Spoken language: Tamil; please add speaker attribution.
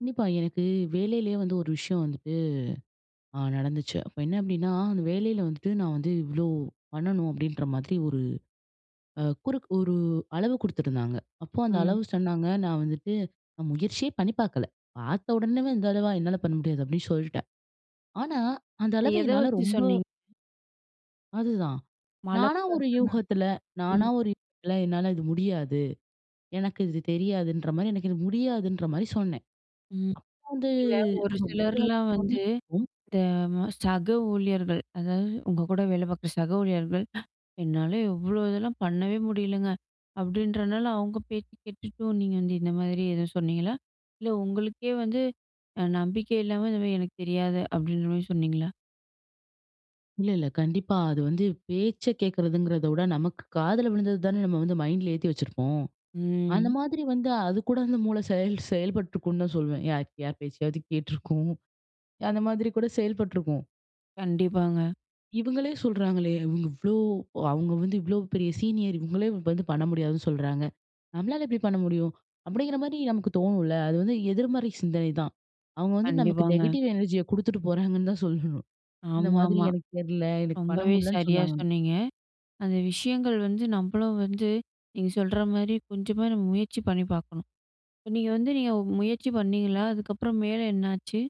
Speaker 1: கண்டிப்பா. எனக்கு வேலைலே வந்து ஒரு விஷயம் வந்துட்டு, அ நடந்துச்சு. அப்ப என்ன அப்டின்னா, அந்த வேலைல வந்துட்டு, நான் வந்து இவ்ளோ, பண்ணணும் அப்டின்ற மாதிரி ஒரு அ குறுக் ஒரு அளவு குடுத்துருந்தாங்க. அப்போ அந்த
Speaker 2: ம்.
Speaker 1: அளவு சொன்னாங்க, நான் வந்துட்டு, அ முயற்சியே பண்ணி பார்க்கல. பார்த்த உடனேவே, "இந்த அளவா? என்னால பண்ண முடியாது" அப்டி சொல்ட்டேன். ஆனா, அந்த
Speaker 2: அது
Speaker 1: அளவு
Speaker 2: எத
Speaker 1: என்னால
Speaker 2: வைச்சு
Speaker 1: ரொம்ப
Speaker 2: சொன்னீங்க?
Speaker 1: அதுதான். நானா
Speaker 2: மலைப்பா
Speaker 1: ஒரு
Speaker 2: இருக்குனா?
Speaker 1: யூகத்தில நானா
Speaker 2: ம்.
Speaker 1: ஒரு யூகத்தில என்னால இது முடியாது. எனக்கு இது தெரியாதுன்ற மாரி, எனக்கு இது முடியாதுன்ற மாரி சொன்னேன்.
Speaker 2: ம்.
Speaker 1: அப்ப வந்து
Speaker 2: இல்ல ஒரு
Speaker 1: அது
Speaker 2: சிலர்லாம்
Speaker 1: முடியாதின்னு
Speaker 2: வந்து,
Speaker 1: சொன்னதுக்கும்
Speaker 2: இந்த ம சக ஊழியர்கள் அதாவது, உங்க கூட வேல பார்க்கிற சக ஊழியர்கள், "என்னால இவ்ளோ இதெல்லாம் பண்ணவே முடியலைங்க. அப்டின்றனால அவங்க பேச்சு கேட்டுட்டு. சோ நீங்க வந்து இந்த மாதிரி எதுவும் சொன்னீங்களா? இல்ல உங்களுக்கே வந்து, அ நம்பிக்கை இல்லாம இந்த மாரி "எனக்கு தெரியாது"அப்டின்ற மாரி சொன்னீங்களா?
Speaker 1: இல்ல இல்ல கண்டிப்பா. அது வந்து பேச்ச கேட்கிறதுங்கிறத விட, நமக்கு காதில விழுந்தது தானே நம்ம வந்து மைண்டில ஏத்தி வச்சுருப்போம். அந்த
Speaker 2: ம்.
Speaker 1: மாதிரி வந்தா அதுக்கூட, அந்த மூள செயல் செயல்ப்பட்ருக்கும் தான் சொல்வேன். யா யார் பேச்சையாவது கேட்டிருக்கும். அந்த மாதிரி கூட செயல்ப்பட்ருக்கும்.
Speaker 2: கண்டிப்பாங்க.
Speaker 1: "இவங்களே சொல்றாங்களே!" இவங்க இவ்ளோ ஒ அவங்க வந்து இவ்ளோ பெரிய சீனியர், இவங்களே வந்து பண்ண முடியாதுன்னு சொல்றாங்க. நம்ளால எப்டி பண்ண முடியும்? அப்டிங்கிற மாரி நமக்கு தோணும்ல? அது வந்து எதிர்மறை சிந்தனைதான். அவங்க வந்து நமக்கு
Speaker 2: கண்டிப்பாங்க.
Speaker 1: நெகட்டிவ் எனர்ஜிய குடுத்துட்டு போறாங்கன்னு தான் சொல்லணும். இந்த மாதிரி
Speaker 2: ஆமாம்மா.
Speaker 1: "எனக்கு தெர்ல, எனக்கு பண்ண
Speaker 2: ரொம்பவே
Speaker 1: முடிலன்னு
Speaker 2: சரியா
Speaker 1: சொன்னாங்க"
Speaker 2: சொன்னீங்க. அந்த விஷயங்கள் வந்து நம்மளும் வந்து, நீங்க சொல்ற மாரி கொஞ்சமாது நம்ம முயற்சி பண்ணி பார்க்கணும். இப்ப நீங்க வந்து நீங்க முயற்சி பண்ணீங்களா? அதுக்கப்புறம் மேலே என்னாச்சு?